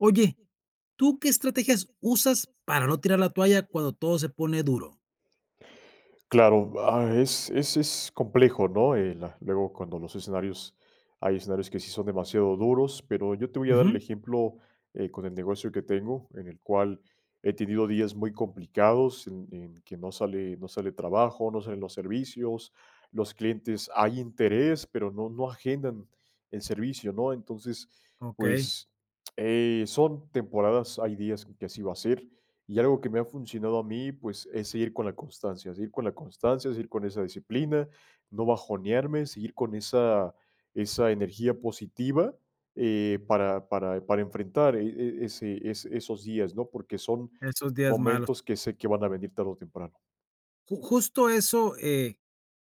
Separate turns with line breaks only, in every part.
Oye, ¿tú qué estrategias usas para no tirar la toalla cuando todo se pone duro?
Claro, ah, es es es complejo, ¿no? El luego cuando los escenarios hay escenarios que sí son demasiado duros, pero yo te voy a dar el
Ujú.
ejemplo, eh, con el negocio que tengo, en el cual he tenido días muy complicados en en que no sale no sale trabajo, no salen los servicios, los clientes hay interés, pero no no agendan el servicio, ¿no? Entonces,
Okey.
pues, eh, son temporadas, hay días que así va a ser. Y algo que me ha funcionado a mí, pues, es seguir con la constancia, seguir con la constancia, seguir con esa disciplina, no bajonearme, seguir con esa esa energía positiva, eh, para para para enfrentar, eh eh, ese, e esos días, ¿no? Porque son
Esos días malos.
momentos que sé que van a venir tarde o temprano.
Ju justo eso, eh,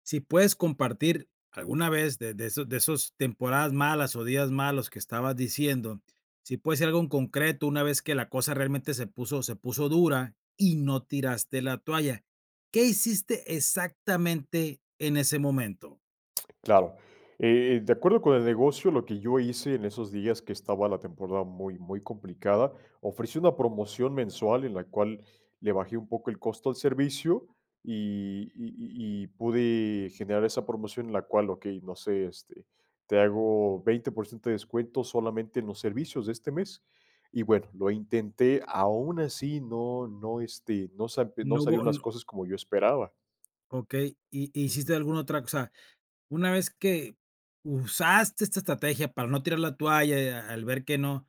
sí puedes compartir alguna vez de de de esos de esas temporadas malas, o días malos que estabas diciendo, sí puede ser algo en concreto una vez que la cosa realmente se puso se puso dura y no tiraste la toalla, ¿qué hiciste exactamente en ese momento?
Claro. Eh, de acuerdo con el negocio, lo que yo hice en esos días que estaba la temporada muy muy complicada, ofrecí una promoción mensual en la cual le bajé un poco el costo al servicio y y y y pude generar esa promoción en la cual, okey, no sé, este, te hago 20% de descuento solamente en los servicios de este mes. Y bueno, lo intenté, aún así no no, este, no sa no
No hubo,
salieron las
no.
cosas como yo esperaba.
Okey, y y
Ujú.
hiciste alguna otra cosa, una vez que usaste esta estrategia para no tirar la toalla, y a al ver que no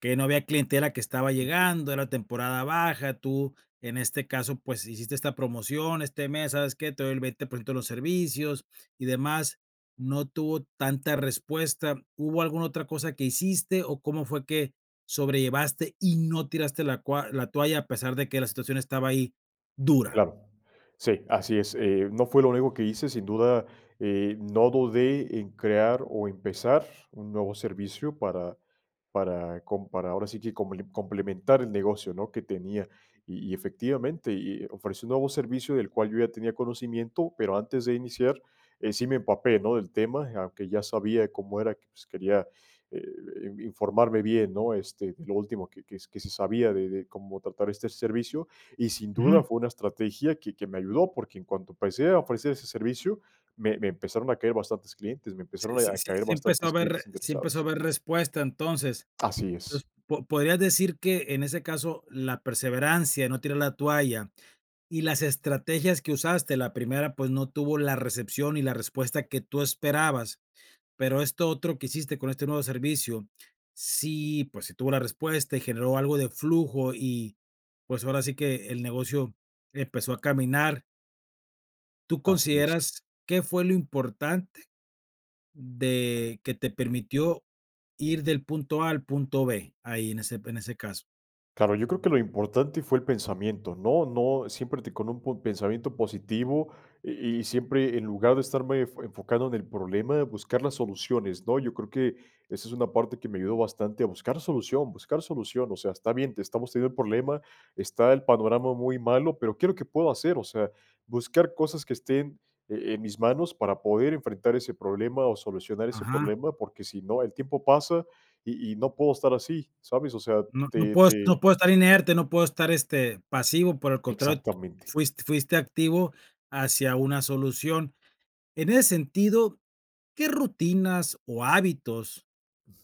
que no había clientela que estaba
Así es.
llegando, era temporada baja, tú en este caso, pues, hiciste esta promoción, este mes, ¿sabes qué? te doy el 20% de los servicios y demás, no tuvo tanta respuesta, ¿hubo alguna otra cosa que hiciste o cómo fue que sobrellevaste y no tiraste la cua la toalla a pesar de que la situación estaba ahí, dura?
Claro, sí, así es, eh, no fue lo único que hice, sin duda, eh, no dudé en crear o empezar un nuevo servicio para para com para ahora sí que comple complementar el negocio, ¿no? Que tenía. Y y efectivamente, y y ofrecí un nuevo servicio del cual yo ya tenía conocimiento, pero antes de iniciar, eh, sí me empapé, ¿no?, del tema, aunque ya sabía cómo era, que, pues, quería, eh eh, informarme bien, ¿no? Este, de lo último que que que se sabía de de cómo tratar este servicio, y sin duda
Ujú.
fue una estrategia que que me ayudó, porque en cuanto empecé a ofrecer ese servicio, me me empezaron a caer bastantes clientes me empezaron
Sí sí
a caer
sí empezó a
bastantes
haber
clientes
sí empezó a
interesados.
haber respuesta entonces.
Así
Pues
es.
po podrías decir que en ese caso la perseverancia, no tirar la toalla y las estrategias que usaste, la primera pues no tuvo la recepción y la respuesta que tú esperabas, pero esto otro que hiciste con este nuevo servicio, sí, pues, sí tuvo la respuesta y generó algo de flujo y, pues, ahora sí que el negocio empezó a caminar. Tú
Así es.
consideras, ¿qué fue lo importante de que te permitió ir del punto A al punto B, ahí en ese en ese caso?
Claro, yo creo que lo importante fue el pensamiento, no no siempre te con un pensamiento positivo y y siempre en lugar de estarme fo enfocando en el problema, buscar las soluciones, ¿no? Yo creo que esa es una parte que me ayudó bastante a buscar solución buscar solución, o sea, está bien, te estamos teniendo el problema, está el panorama muy malo, pero ¿qué es lo que puedo hacer? O sea, buscar cosas que estén, e en mis manos para poder enfrentar ese problema o solucionar ese
Ajá.
problema, porque sí no, el tiempo pasa y y no puedo estar así, ¿sabes? O sea,
No no
te
puedo no
te.
puedo estar inerte, no puedo estar, este, pasivo, por el contrario,
Exactamente.
fuis fuiste activo hacia una solución. En ese sentido, ¿qué rutinas o hábitos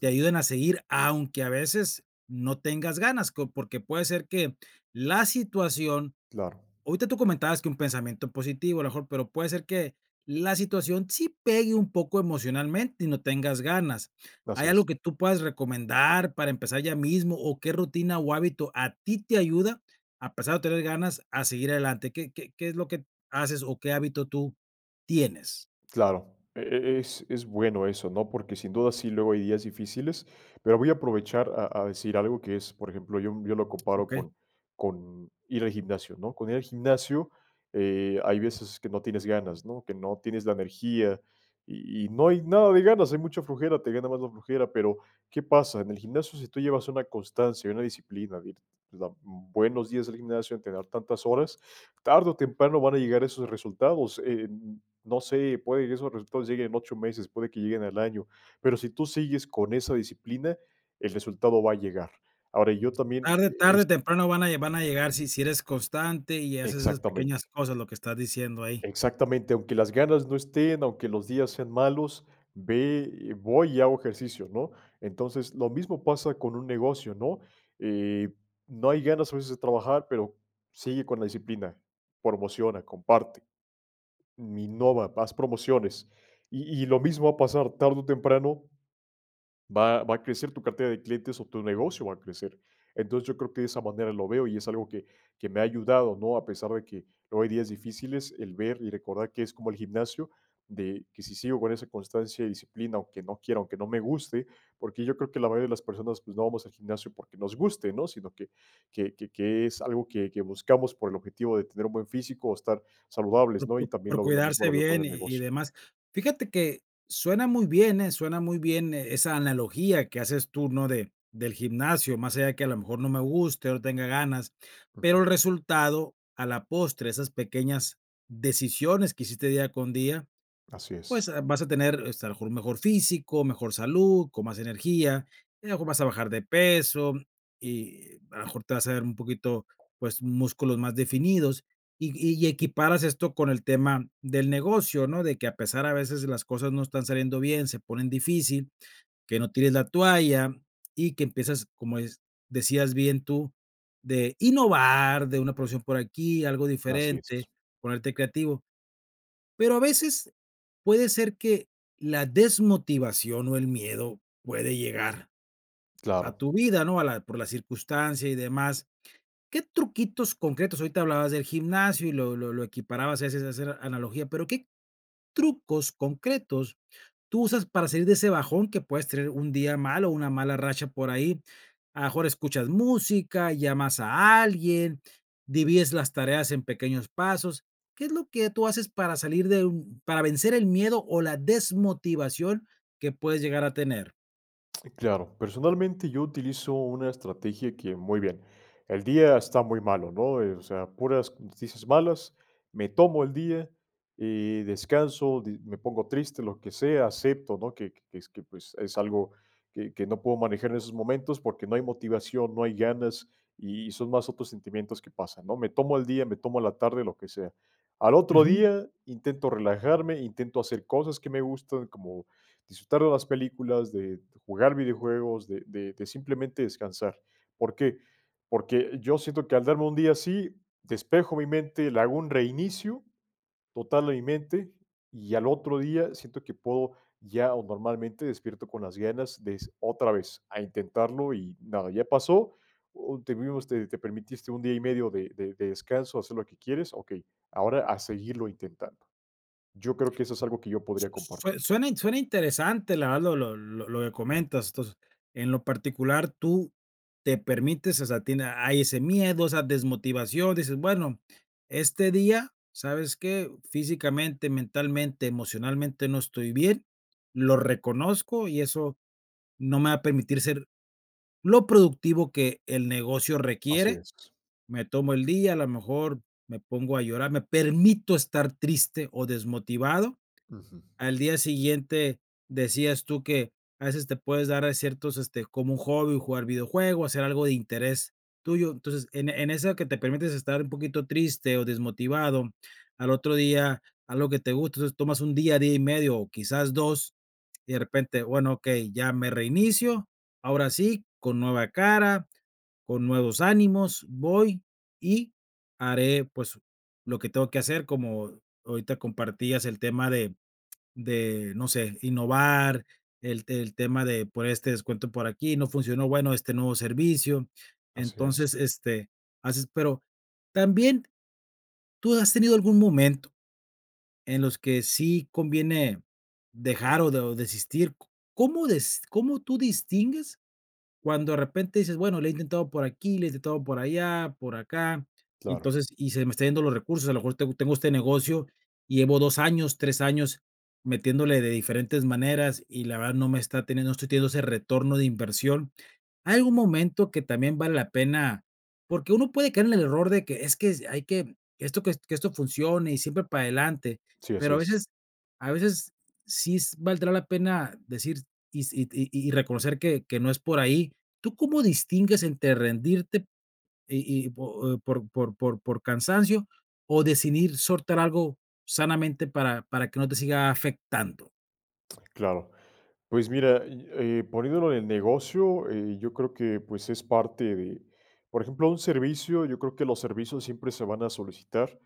te ayuden a seguir aunque a veces no tengas ganas?, co porque puede ser que la situación,
Claro.
ahorita tú comentabas que un pensamiento positivo, a lo mejor, pero puede ser que la situación sí pegue un poco emocionalmente y no tengas ganas,
Así
¿Hay
es.
algo que tú puedes recomendar para empezar ya mismo, o qué rutina o hábito a ti te ayuda a pesar de no tener ganas a seguir adelante? ¿Qué qué qué es lo que haces o qué hábito tú tienes?
Claro, e e es, es bueno eso, ¿no? Porque sin duda sí, luego hay días difíciles, pero voy a aprovechar a a decir algo que es, por ejemplo, yo yo lo comparo
Okey.
con con ir al gimnasio, ¿no? Con ir al gimnasio, eh, hay veces que no tienes ganas, ¿no? Que no tienes la energía y y no hay nada de ganas, hay mucha flojera, te gana más la flojera, pero, ¿qué pasa? En el gimnasio si tú llevas una constancia y una disciplina, de buenos días del gimnasio en tener tantas horas, tarde o temprano van a llegar esos resultados, e e no sé, puede que esos resultados lleguen en 8 meses, puede que lleguen al año, pero sí tú sigues con esa disciplina, el resultado va a llegar. Ahora, yo también
Tarde
e
tarde
es.
o temprano van a van a llegar si si eres constante y haces esas pequeñas
Exactamente.
cosas lo que estás diciendo ahí.
Exactamente, aunque las ganas no estén, aunque los días sean malos, ve eh, voy y hago ejercicios, ¿no? Entonces, lo mismo pasa con un negocio, ¿no? Eh, no hay ganas a veces de trabajar, pero sigue con la disciplina, promociona, comparte. Mi innova, haz promociones. Y y lo mismo va a pasar tarde o temprano, va va a crecer tu cartera de clientes o tu negocio va a crecer. Entonces, yo creo que de esa manera lo veo y es algo que que me ha ayudado, ¿no? A pesar de que luego hay días difíciles, el ver y recordar que es como el gimnasio de que sí sigo con esa constancia y disciplina, aunque no quiera, aunque no me guste, porque yo creo que la mayoría de las personas, no vamos al gimnasio porque nos guste, ¿no? Sino que que que es algo que que buscamos por el objetivo de tener un buen físico o estar saludables,
Por
¿no?
por
Y también
por
lo lo mismo
cuidarse
lo veo con
bien
el
y y
negocio.
demás. Fíjate que suena muy bien, eh, suena muy bien esa analogía que haces tú, ¿no? de del gimnasio, más allá que a lo mejor no me guste o no tenga ganas, pero
Ujú.
el resultado a la postre, esas pequeñas decisiones que hiciste día con día,
Así
pues,
es.
eh, vas a tener, este, a lo mejor mejor físico, mejor salud, con más energía, y a lo mejor vas a bajar de peso, y a lo mejor te vas a dar un poquito, pues músculos más definidos, y y equiparas esto con el tema del negocio, ¿no? De que a pesar a veces las cosas no están saliendo bien, se ponen difícil, que no tires la toalla, y que empiezas, como des decías bien tú, de innovar, de una producción por aquí, algo
Así
diferente,
es.
ponerte creativo. Pero a veces puede ser que la desmotivación o el miedo puede llegar a
Claro.
tu vida, ¿no? A la por la circunstancia y demás. ¿Qué truquitos concretos? Ahorita hablabas del gimnasio y lo lo lo equiparabas a veces a hacer analogía, pero, ¿qué trucos concretos tú usas para salir de ese bajón que puedes tener un día mal o una mala racha por ahí? A lo mejor escuchas música, llamas a alguien, divides las tareas en pequeños pasos. ¿Qué es lo que tú haces para salir de un para vencer el miedo o la desmotivación que puedes llegar a tener?
Claro, personalmente yo utilizo una estrategia que, muy bien, el día está muy malo, ¿no?, eh, o sea, puras noticias malas, me tomo el día y descanso, di me pongo triste, lo que sea, acepto, ¿no?, que que es que, pues, es algo que que no puedo manejar en esos momentos porque no hay motivación, no hay ganas y son más otros sentimientos que pasan, ¿no?, me tomo el día, me tomo la tarde, lo que sea, al otro
Ujú.
día intento relajarme, intento hacer cosas que me gustan, como disfrutar de las películas, de jugar videojuegos, de de de simplemente descansar, ¿por qué?, porque yo siento que al darme un día así despejo mi mente, le hago un reinicio total a mi mente y al otro día siento que puedo ya o normalmente despierto con las ganas des otra vez a intentarlo y nada, ya pasó, o te vimos te te permitiste un día y medio de de de descanso, hacer lo que quieres, okey, ahora a seguirlo intentando. Yo creo que eso es algo que yo podría
Su sue
compartir.
suena in suena interesante la verdad lo lo lo lo que comentas entonces en lo particular tú te permites o sea a ti hay ese miedo, esa desmotivación, dices bueno, este día, ¿sabes qué?, físicamente, mentalmente, emocionalmente no estoy bien, lo reconozco y eso no me va a permitir ser lo productivo que el negocio
Así
requiere,
es.
me tomo el día, a lo mejor me pongo a llorar, me permito estar triste o desmotivado,
Ujú.
al día siguiente decías tú que a veces te puedes dar ciertos, este, como un hobby, jugar videojuegos, hacer algo de interés tuyo, entonces, en en eso que te permites estar un poquito triste o desmotivado, al otro día algo que te guste, entonces tomas un día, día y medio, o quizás 2, y de repente, bueno, okey, ya me reinicio, ahora sí, con nueva cara, con nuevos ánimos, voy y haré, pues, lo que tengo que hacer, como ahorita compartías el tema de de, no sé, innovar, el el tema de por este descuento por aquí, no funcionó bueno este nuevo servicio,
Así
entonces,
es.
este, haces, pero también tú has tenido algún momento en los que sí conviene dejar o de o desistir, ¿cómo des cómo tú distingues cuando de repente dices, bueno, lo he intentado por aquí, lo he intentado por allá, por acá, y
Claro.
entonces, y se me está yendo los recursos, a lo mejor tengo tengo este negocio, y llevo 2 años, 3 años metiéndole de diferentes maneras, y la verdad no me está teniendo, no estoy teniendo ese retorno de inversión, ¿hay algún momento que también vale la pena? Porque uno puede caer en el error de que es que, hay que esto que esto funcione y siempre para adelante,
Sí, así
pero a
es.
veces a veces sí s valdrá la pena decir y si y y y reconocer que que no es por ahí, ¿tú cómo distingues entre rendirte y y po o por por por cansancio o decidir soltar algo sanamente para para que no te siga afectando?
Claro. Pues mira, yo eh, poniendo lo del negocio, eh, yo creo que, pues, es parte de, por ejemplo, un servicio, yo creo que los servicios siempre se van a solicitar,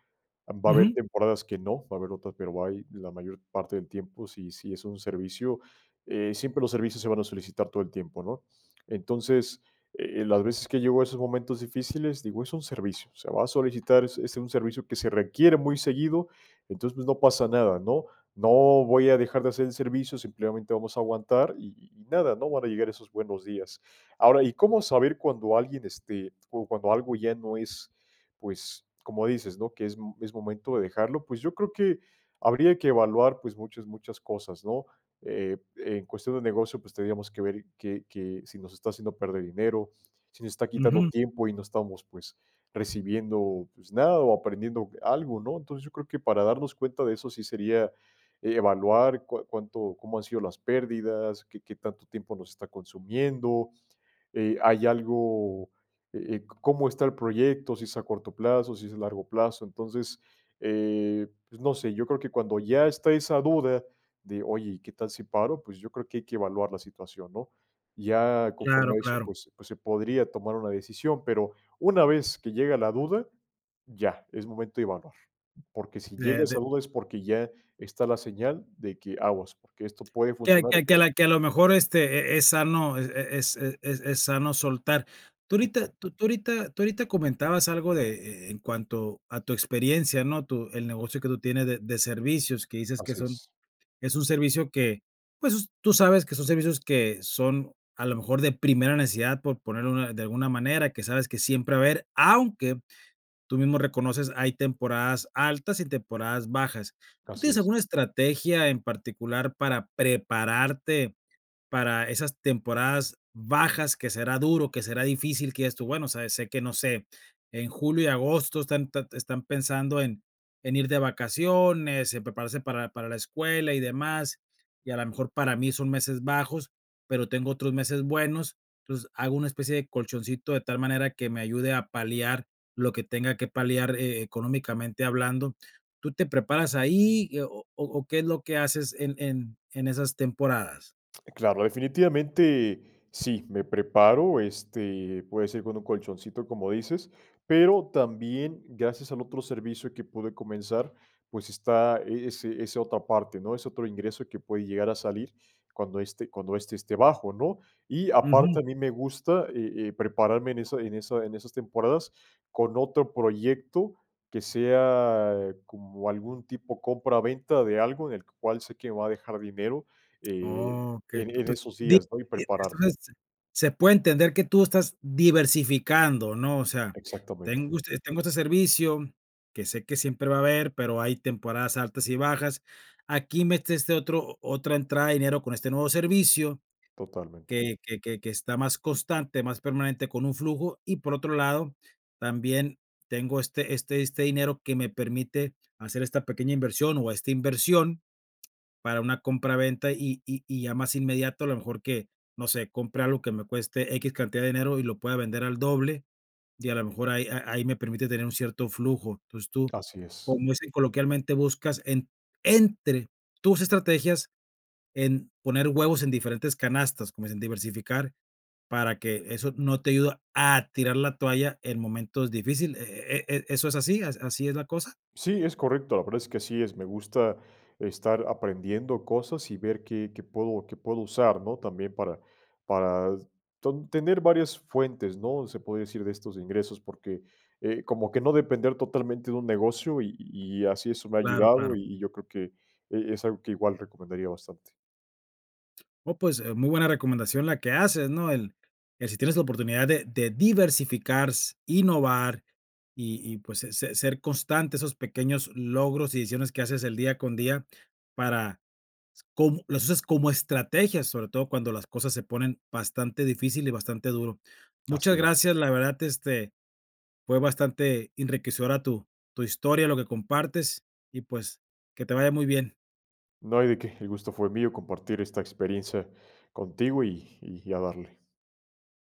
va a haber
Ujú.
temporadas que no, va a haber otras, pero hay la mayor parte del tiempo, si si es un servicio, eh, siempre los servicios se van a solicitar todo el tiempo, ¿no?, entonces, eh, las veces que llego a esos momentos difíciles, digo, es un servicio, o sea, va a solicitar es es un servicio que se requiere muy seguido, entonces, pues no pasa nada, ¿no?, no voy a dejar de hacer el servicio, simplemente vamos a aguantar y y y nada, ¿no?, van a llegar esos buenos días, ahora, ¿y cómo saber cuando alguien, este, o cuando algo ya no es, pues, como dices, ¿no?, que es m es momento de dejarlo?, pues yo creo que habría que evaluar, pues, muchas, muchas cosas, ¿no?, eh, en cuestión de negocio, pues tendríamos que ver que que si nos está haciendo perder dinero, si nos está quitando
Ujú.
tiempo y no estamos, pues, recibiendo, pues, nada o aprendiendo algo, ¿no?, entonces, yo creo que para darnos cuenta de eso sí sería evaluar cua cuánto cómo han sido las pérdidas, qué qué tanto tiempo nos está consumiendo, eh, hay algo, eh, eh, cómo está el proyecto, si es a corto plazo, si es a largo plazo, entonces, eh, pues no sé, yo creo que cuando ya está esa duda de, ¿oye, y qué tal si paro?, pues yo creo que hay que evaluar la situación, ¿no?, ya
Claro,
conforme a eso,
claro.
pues pues se podría tomar una decisión, pero una vez que llega la duda, ya, es momento de evaluar, porque si llega
De, de
esa duda es porque ya está la señal de que aguas, porque esto puede
Que
funcionar o
que que a
puede que no.
la la que a lo mejor este eh eh es sano eh eh es eh es es sano soltar, tú ahorita
Exacto.
tú tú ahorita tú ahorita comentabas algo de eh eh en cuanto a tu experiencia, ¿no?, tu el negocio que tú tienes de de servicios, que dices que
Así
son
es.
es un servicio que, pues, tú sabes que son servicios que son a lo mejor de primera necesidad por poner una de alguna manera, que sabes que siempre va a haber, aunque tú mismo reconoces, hay temporadas altas y temporadas bajas. ¿Tú
Así
tienes
es.
alguna estrategia en particular para prepararte para esas temporadas bajas que será duro, que será difícil que digas tú: "bueno, sabes, sé que no sé, en julio y agosto están te están pensando en en ir de vacaciones, en prepararse para para la escuela y demás, y a lo mejor para mí son meses bajos, pero tengo otros meses buenos, entonces hago una especie de colchoncito de tal manera que me ayude a paliar lo que tenga que paliar, eh, económicamente hablando", ¿tú te preparas ahí y o o o qué es lo que haces en en en esas temporadas?
Claro, definitivamente sí, me preparo, este, puede ser con un colchoncito, como dices, pero también gracias al otro servicio que pude comenzar, pues está ese ese otra parte, ¿no?, ese otro ingreso que puede llegar a salir cuando este cuando este esté bajo, ¿no?, y aparte
Ujú.
a mí me gusta, eh eh, prepararme en esa en esa en esas temporadas con otro proyecto que sea como algún tipo compra venta de algo en el cual sé que me va a dejar dinero, eh,
Okey,
en
to
en
to
esos
di
días, ¿no?, y prepararme.
entonces se puede entender que tú estás diversificando, ¿no?, o sea,
Exactamente.
tengo este tengo este servicio, que sé que siempre va a haber, pero hay temporadas altas y bajas, aquí metiste otro otra entrada de dinero con este nuevo servicio
Totalmente.
que que que que está más constante, más permanente con un flujo, y por otro lado, también tengo este este este dinero que me permite hacer esta pequeña inversión o esta inversión para una compra venta y y y ya más inmediato a lo mejor que, no sé, compre algo que me cueste equis cantidad de dinero y lo pueda vender al doble y a lo mejor ahí a ahí me permite tener un cierto flujo, entonces tú,
Así es.
como dicen coloquialmente buscas en entre tus estrategias en poner huevos en diferentes canastas, como dicen diversificar, para que eso no te ayuda a tirar la toalla en momentos difíciles, ¿eh eh eh eso es así, así es la cosa?
Sí, es correcto, la verdad es que así es, me gusta estar aprendiendo cosas y ver qué qué puedo qué puedo usar, ¿no?, también para para tan tener varias fuentes, ¿no?, se puede decir de estos ingresos, porque, eh, como que no depender totalmente de un negocio y y así eso me ha
Claro, claro.
ayudado y y yo creo que eh es algo que igual recomendaría bastante.
Oh, pues, eh, muy buena recomendación la que haces, ¿no?, el que si tienes la oportunidad de de diversificar s innovar y y, pues, se se ser constante esos pequeños logros y decisiones que haces el día con día para cómo, las usas como estrategias, sobre todo cuando las cosas se ponen bastante difícil y bastante duro. Muchas
Así es.
gracias, la verdad, este, fue bastante enriquecedora tu tu historia, lo que compartes, y pues, que te vaya muy bien.
No hay de qué, el gusto fue mío compartir esta experiencia contigo y y a darle.